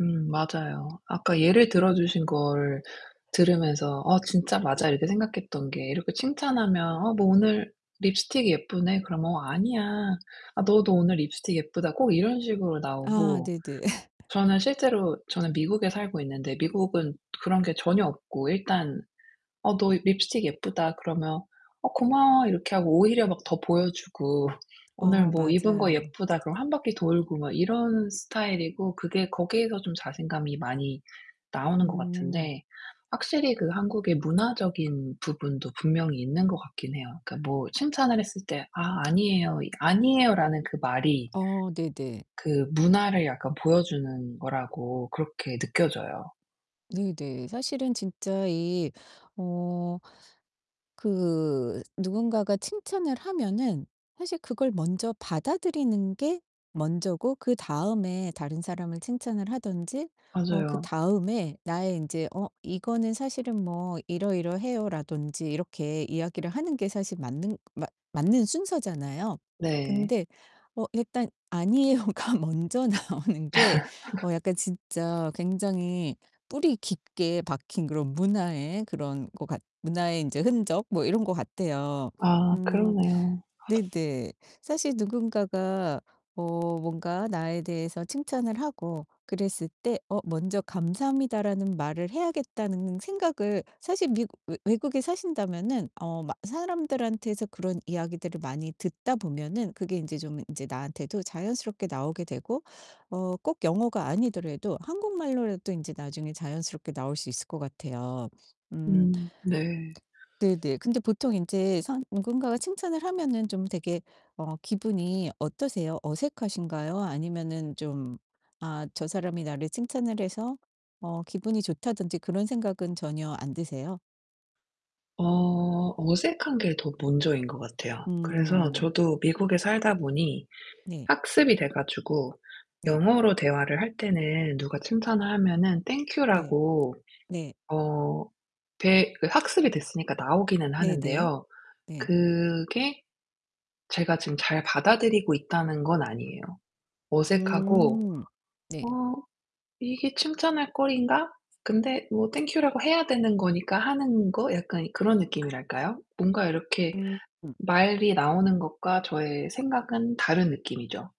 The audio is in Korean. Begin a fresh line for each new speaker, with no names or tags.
음 맞아요. 아까 예를 들어 주신 걸 들으면서 '어 진짜 맞아.' 이렇게 생각했던 게 이렇게 칭찬하면 어 "너 오늘 립스틱이 예쁘네." 그러면 어 "아니야. 아 너도 오늘 립스틱 예쁘다." 꼭 이런 식으로
아
나오고
네네.
저는 실제로 저는 미국에 살고 있는데 미국은 그런 게 전혀 없고 일단 "어 너 립스틱 예쁘다." 그러면 "어 고마워." 이렇게 하고 오히려 막 더 보여 주고 "오늘
어
뭐 입은 거
맞아요.
예쁘다." 그럼 1 바퀴 돌고 막 이런 스타일이고 그게 거기에서 좀 자신감이 많이 나오는 것
음.
같은데 확실히 그 한국의 문화적인 부분도 분명히 있는 것 같긴 해요. 그러니까 뭐 칭찬을 했을 때 "아, 아니에요." 이 '아니에요.'라는 그 말이
어 네네.
그 문화를 약간 보여 주는 거라고 그렇게 느껴져요.
네네. 사실은 진짜 이 어 그 누군가가 칭찬을 하면은 사실 그걸 먼저 받아들이는 게 먼저고 그다음에 다른 사람을 칭찬을 하든지 어
맞아요.
그다음에 나의 인제 "어 이거는 사실은 뭐 이러이러해요." 라든지 이렇게 이야기를 하는 게 사실 맞는 맞 맞는 순서잖아요.
네.
근데 어 일단 "아니에요."가 먼저 나오는 게 어 약간 진짜 굉장히 뿌리 깊게 박힌 그런 문화의 그런 것 같 문화의 인제 흔적 뭐 이런 것 같아요.
아
음
그러네요.
네네. 사실 누군가가 어 뭔가 나에 대해서 칭찬을 하고 그랬을 때 어 '먼저 감사합니다라는 말을 해야겠다.'는 생각을 사실 미국 외 외국에 사신다면은 어 막 사람들한테서 그런 이야기들을 많이 듣다 보면은 그게 인제 좀 인제 나한테도 자연스럽게 나오게 되고 어 꼭 영어가 아니더라도 한국말로라도 이제 나중에 자연스럽게 나올 수 있을 것 같아요. 음.
음 네.
네네. 근데 보통 인제 선 누군가가 칭찬을 하면은 좀 되게 어 기분이 어떠세요? 어색하신가요? 아니면은 좀 아 저 사람이 나를 칭찬을 해서 어 기분이 좋다든지 그런 생각은 전혀 안 드세요?
어 어색한 게 더 먼저인 것 같아요. 그래서
음.
저도 미국에 살다 보니
네.
학습이 돼 가지고
네.
영어로 대화를 할 때는 누가 칭찬을 하면은 "Thank you."
네.
라고
네.
어 대 그 학습이 됐으니까 나오기는
네네.
하는데요.
네.
그게 제가 지금 잘 받아들이고 있다는 건 아니에요. 어색하고
음. 네.
'어 이게 칭찬할 거리인가?' 근데 뭐 "Thank you." 라고 해야 되는 거니까 하는 거 약간 그런 느낌이랄까요? 뭔가 이렇게
음.
말이 나오는 것과 저의 생각은 다른 느낌이죠.